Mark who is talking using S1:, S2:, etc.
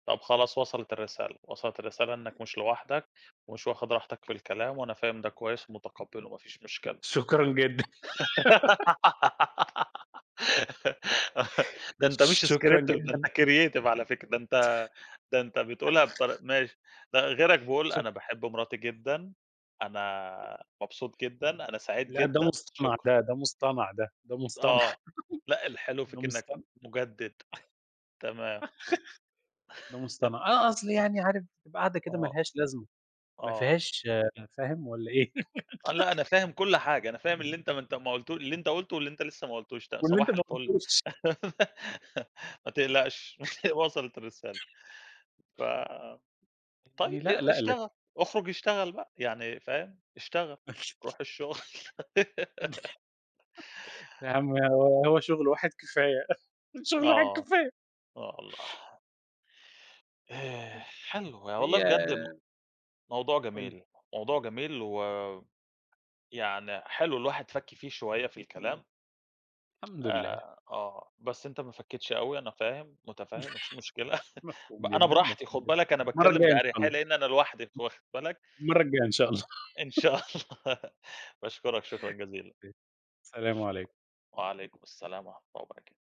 S1: طب خلاص وصلت الرسالة، وصلت الرسالة إنك مش لوحدك، ومش واخد راحتك في الكلام، وأنا فاهم ده كويس ومتقبّله، ما فيش مشكلة.
S2: شكرًا جدًا.
S1: ده أنت مش
S2: شكرًا
S1: scripted، ده أنت
S2: جدًا.
S1: creative على فكرة. ده أنت ده أنت بتقولها بطر-– ماشي. ده غيرك بيقول: "أنا
S2: شك
S1: باحب مراتي جدًا.
S2: [unintelligible]
S1: أنا مبسوط جدًا. أنا سعيد
S2: لأ، ده
S1: جدًا.
S2: مصطنَع،
S1: شكرًا."
S2: ده ده مصطنَع ده، ده مصطنَع،
S1: آه. لأ، الحلو
S2: ده
S1: فيك إنك
S2: مصطنَع.
S1: مُجدد. تمام.
S2: ده مصطنَع. آه، أصل يعني عارف بتبقى قعدة كده ما
S1: آه.
S2: لهاش لازمة، ما
S1: آه.
S2: فيهاش فاهم والَّا إيه؟
S1: لأ، أنا فاهم كُلّ حاجة. أنا فاهم اللي أنت ما انت ما قلت اللي أنت قُلته، واللي أنت لسه ما قلتوش ده، ت
S2: واللي أنت
S1: صباح
S2: ما
S1: الفل.
S2: قلتوش.
S1: ما تقلقش، وصلت الرسالة. ف طي
S2: يعني لأ،
S1: أ
S2: لأ، لأ.
S1: اشتغل، اخرج اشتغل بقى، يعني فاهم، اشتغل. روح الشغل.
S2: يا عم هو هو شغل واحد كفاية، شغل واحد
S1: آه،
S2: كفاية.
S1: آه والله.
S2: [unintelligible]
S1: حلو، ي والله
S2: هي
S1: بجد م موضوع
S2: قُل لي.
S1: جميل، موضوع جميل ويعني، حلو الواحد فك فيه شوية في الكلام.
S2: الحمد لله.
S1: آآ، آه، بس أنت ما فكيتش أوي، أنا فاهم، متفهّم، مفيش مشكلة، ب
S2: مفهوم
S1: أنا
S2: جدًا،
S1: براحتي،
S2: مفهوم
S1: خُد
S2: جدًا.
S1: بالك، أنا
S2: المرّة
S1: باتكلم
S2: الجاية إن شاء
S1: بأريحية
S2: ال [unintelligible]
S1: لأن أنا لوحدي، واخد بالك؟
S2: المرّة الجاية إن شاء الله.
S1: إن شاء الله. باشكرك شكرًا جزيلًا،
S2: أ السلام
S1: شكرًا،
S2: عليكم.
S1: وعليكم السلام ورحمة الله وبركاته.